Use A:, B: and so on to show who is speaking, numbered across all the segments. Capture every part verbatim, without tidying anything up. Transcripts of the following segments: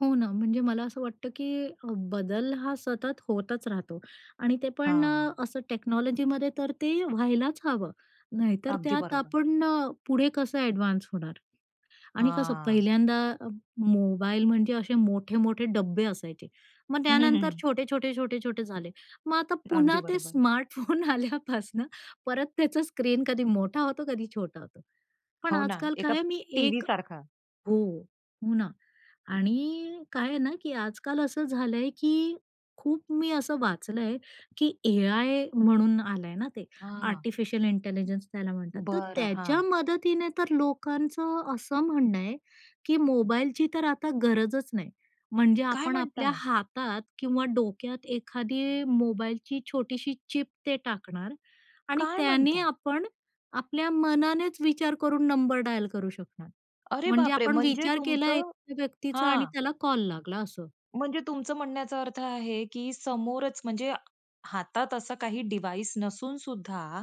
A: हो ना, म्हणजे मला असं वाटतं की बदल हा सतत होतच राहतो आणि ते पण अ,
B: हां.
A: असं टेक्नॉलॉजीमध्ये तर ते व्हायलाच हवं. नाहीतर
B: अगदी
A: त्यात
B: बरोबर.
A: आपण अ, पुढे कसं एडव्हान्स होणार? आणि कसं
B: हां.
A: पहिल्यांदा अ, मोबाईल म्हणजे असे मोठे-मोठे डब्बे असायचे. मग त्यानंतर छोटे-छोटे, छोटे-छोटे झाले. मग आता
B: अगदी
A: पुन्हा ते
B: बरोबर आहे.
A: स्मार्टफोन आल्यापासनं परत त्याचा स्क्रीन कधी मोठा होतो कधी छोटा होतो. पण
B: हो ना,
A: आजकाल काय
B: एका
A: आहे मी
B: टीव्ही
A: एक
B: सारखा.
A: हो, हो ना. आणि काय आहे ना, की आजकाल असं झालंय की खूप मी असं वाचलंय की एआय म्हणून आलंय ना ते.
B: हां.
A: आर्टिफिशियल इंटेलिजन्स त्याला म्हणतात. तर
B: बरं,
A: त्याच्या
B: हां.
A: मदतीने तर लोकांचं असं म्हणणं आहे, की मोबाईलची तर आता गरजच नाही. म्हणजे
B: काय
A: आपण
B: म्हणता?
A: आपल्या हातात किंवा डोक्यात एखादी मोबाईलची छोटीशी चिप ते टाकणार आणि
B: काय
A: त्याने
B: म्हणता?
A: आपण आपल्या मनानेच विचार करून नंबर डायल करू शकणार.
B: अरे
A: म्हणजे
B: बापरे!
A: आपण
B: म्हणजे
A: विचार केला
B: तुमचं
A: एका व्यक्तीचा आणि
B: हां.
A: त्याला कॉल लागला असं.
B: म्हणजे तुमचं म्हणण्याचा अर्थ आहे की समोरच म्हणजे हातात असा काही डिवाईस नसूनसुद्धा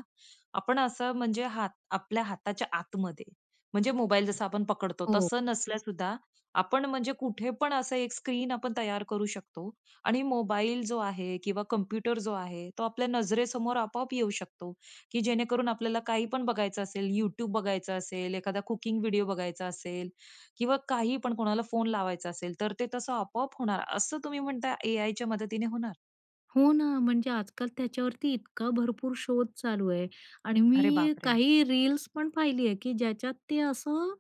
B: आपण असं म्हणजे हात आपल्या हाताच्या आतमध्ये म्हणजे मोबाईल जसं आपण पकडतो
A: हो.
B: तसं नसल्या सुद्धा आपण म्हणजे कुठे पण असं एक स्क्रीन आपण तयार करू शकतो आणि मोबाईल जो आहे किंवा कॉम्प्युटर जो आहे, तो आपल्या नजरेसमोर आपोआप येऊ शकतो, की जेणेकरून आपल्याला काही पण बघायचं असेल, YouTube बघायचं असेल एखादा कुकिंग व्हिडिओ बघायचा असेल, किंवा काही पण कोणाला फोन लावायचा असेल तर ते तसं आपोआप होणार? असं तुम्ही म्हणताय एआयच्या मदतीने होणार?
A: हो ना, म्हणजे आजकाल त्याच्यावरती इतका भरपूर शोध चालू आहे आणि
B: अरे
A: मी
B: बापरे!
A: काही रील्स पण पहिली आहे की ज्याच्यात ते असं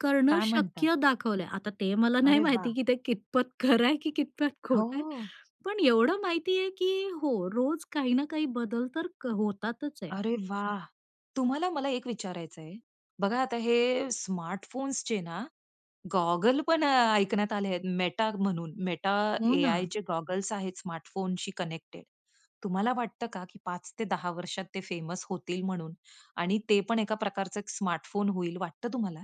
A: करणं
B: काय म्हणता?
A: शक्य दाखवलंय. आता ते मला नाही
B: अरे
A: माहिती
B: वाह!
A: की ते कितपत खरं आहे की कितपत खोट आहे.
B: हो.
A: पण एवढं माहिती आहे की हो, रोज काही ना काही बदल तर क होतातच आहे.
B: अरे वाह! तुम्हाला मला एक विचारायच आहे. बघा आता हे स्मार्टफोन्सचे ना गॉगल पण अ, ऐकण्यात आले आहेत Meta म्हणून Meta
A: हो ना.
B: AIचे गॉगल्स आहेत स्मार्टफोनशी कनेक्टेड. तुम्हाला वाटतं का की पाच ते दहा वर्षात ते फेमस होतील म्हणून आणि ते पण एका प्रकारचं एक स्मार्टफोन होईल वाटतं तुम्हाला?